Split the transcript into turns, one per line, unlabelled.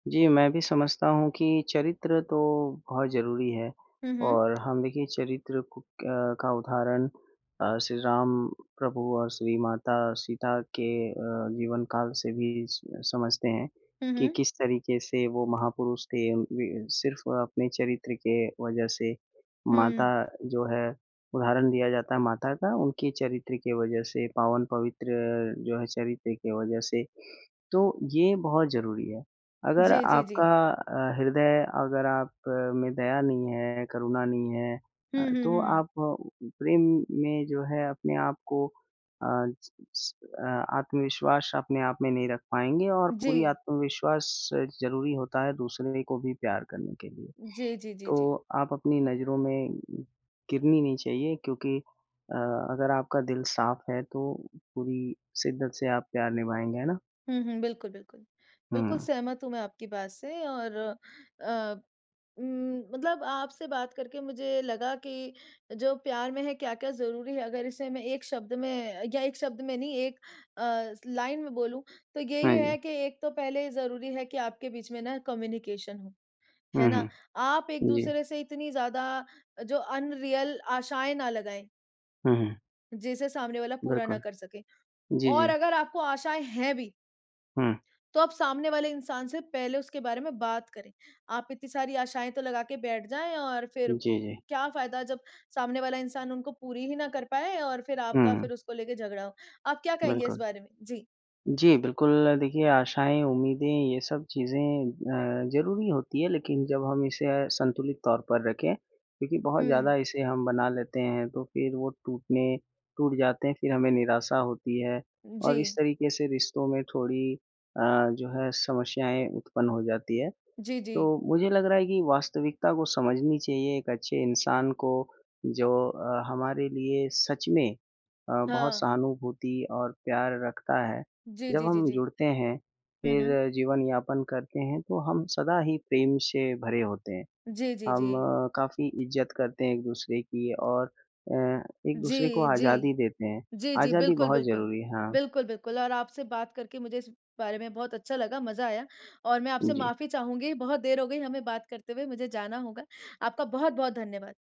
जी, मैं भी समझता हूँ कि चरित्र तो बहुत ज़रूरी है
हुँ, हुँ।
और हम देखिए चरित्र को क का उदाहरण अ, श्री राम प्रभु और श्री माता सीता के अ, जीवनकाल से भी स समझते हैं
हुँ,
कि
हुँ।
किस तरीके से वो महापुरुष थे। अ, वि सिर्फ़ अपने चरित्र के वज़ह से माता
हुँ।
जो है उदाहरण दिया जाता है माता का उनके चरित्र की वजह से पावन पवित्र जो है, चरित्र की वज़ह से, तो ये बहुत ज़रूरी है। अगर
जी, जी, जी।
आपका अ, हृदय अगर आप में दया नहीं है, करुणा नहीं है
हुँ,
अ,
हुँ,
तो
हुँ, हुँ।
आप प्रेम में जो है अपने आप को अ अ, आत्मविश्वास अपने आप में नहीं रख पाएँगे और पूरी
जी।
आत्मविश्वास ज़रूरी होता है दूसरे को भी प्यार करने के लिए।
जी, जी, जी, जी।
तो आप अपनी नज़रों में गिरनी नहीं चाहिए क्योंकि अ, अगर आपका दिल साफ है तो पूरी शिद्दत से आप प्यार निभाएँगे, है ना?
हुँ, हुँ। बिल्कुल, बिल्कुल। बिल्कुल,
हुँ।
सहमत हूँ मैं आपकी बात से और अ, उम, मतलब आपसे बात करके मुझे लगा कि जो प्यार में है, क्या-क्या ज़रूरी हैं। अगर इसे मैं एक शब्द में या एक शब्द में नहीं एक अ, लाइन में बोलूँ तो यही
हाँ
है
जी।
कि एक तो पहले ज़रूरी है कि आपके बीच में ना कम्युनिकेशन हो, है
हुँ,
ना?
हुँ।
आप
जी।
एक-दूसरे से इतनी ज़्यादा जो अनरियल आशाएँ ना लगाएँ
हुँ, हुँ।
जिसे सामने वाला पूरा ना
बिल्कुल।
कर सके।
जी,
और
जी।
अगर आपको आशाएँ हैं भी
हुँ।
तो आप सामने वाले इंसान से पहले उसके बारे में बात करें। आप इतनी सारी आशाएँ तो लगा के बैठ जाएँ और फिर
जी, जी।
क्या फायदा जब सामने वाला इंसान उनको पूरी ही ना कर पाए और फिर आपका
हुँ।
फिर उसको लेके झगड़ा हो। आप क्या कहेंगे इस
बिल्कुल।
बारे में? जी।
जी, बिल्कुल देखिए आशाएँ, उम्मीदें ये सब चीज़ें अ, ज़रूरी होती है लेकिन जब हम इसे संतुलित तौर पर रखें क्योंकि बहुत ज़्यादा
हुँ।
इसे हम बना लेते हैं तो फिर वो टूटने टूट जाते हैं फिर हमें निराशा होती है। और इस
जी।
तरीके से रिश्तों में थोड़ी अ, जो है समस्याएँ उत्पन्न हो जाती है।
जी, जी।
तो मुझे लग रहा है कि वास्तविकता को समझनी चाहिए एक अच्छे इंसान को जो अ, हमारे लिए सच में अ, बहुत
हाँ।
सहानुभूति और प्यार रखता है।
जी,
जब
जी, जी,
हम
जी।
जुड़ते हैं,
हुँ, हुँ।
फिर जीवन यापन करते हैं तो हम सदा ही प्रेम से भरे होते हैं।
जी, जी,
हम
जी।
काफ़ी इज़्ज़त करते हैं एक-दूसरे की और अ, एक-दूसरे को
जी, जी।
आज़ादी देते हैं।
जी, जी,
आज़ादी
बिल्कुल,
बहुत
बिल्कुल।
ज़रूरी है, हाँ।
बिल्कुल, बिल्कुल और आपसे बात करके मुझे इस बारे में बहुत अच्छा लगा, मज़ा आया और मैं आपसे
उ, जी।
माफ़ी चाहूँगी बहुत देर हो गई हमें बात करते हुए मुझे जाना होगा। आपका बहुत-बहुत धन्यवाद।